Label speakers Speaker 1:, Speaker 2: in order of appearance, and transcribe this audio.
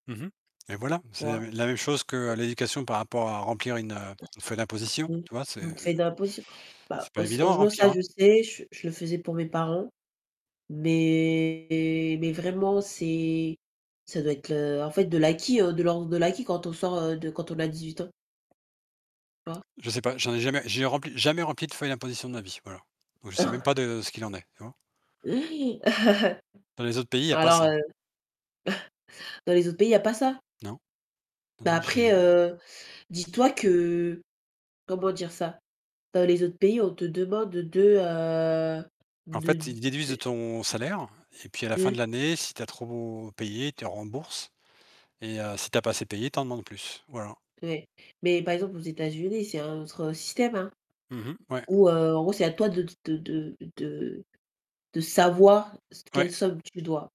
Speaker 1: Mmh mh, et voilà,
Speaker 2: Tu
Speaker 1: c'est la
Speaker 2: vois?
Speaker 1: la même chose que l'éducation par rapport à remplir une, heu, une feuille d'imposition.
Speaker 2: Mmh.
Speaker 1: Tu vois? C'est
Speaker 2: Donc feuille d'imposition, bah,
Speaker 1: c'est pas évident à
Speaker 2: [unintelligible]
Speaker 1: remplir
Speaker 2: ça,
Speaker 1: hein.
Speaker 2: je sais, je je le faisais pour mes parents, mais mais vraiment, c'est, ça doit être, heu, en fait, de l'acquis de l'ordre de l'acquis, quand on sort de quand on a 18 ans. Tu vois?
Speaker 1: Je sais pas, j'en ai jamais, j'ai rempli, jamais rempli de feuille d'imposition de ma vie, voilà, donc je sais même pas de ce qu'il en est, tu vois? Dans les autres pays, il y a pas
Speaker 2: Alors,
Speaker 1: ça.
Speaker 2: heu, dans les autres pays, il y a pas ça?
Speaker 1: Non non
Speaker 2: Mais
Speaker 1: non
Speaker 2: après,
Speaker 1: j'ai
Speaker 2: heu, dis-toi que, comment dire ça? Dans les autres pays, on te demande de, heu,
Speaker 1: En
Speaker 2: de
Speaker 1: fait, ils déduisent
Speaker 2: te
Speaker 1: de ton salaire, et puis à la fin de
Speaker 2: [unintelligible]
Speaker 1: l'année, si tu as trop payé, ils te remboursent, et heu, si tu as pas assez payé, ils t'en demandes plus, voilà.
Speaker 2: Ouais, mais par exemple, aux États-Unis, c'est un autre système, hein,
Speaker 1: Mmh mh, ouais.
Speaker 2: où, heu, en gros, c'est à toi de de de de de savoir quelle
Speaker 1: Ouais.
Speaker 2: somme tu dois.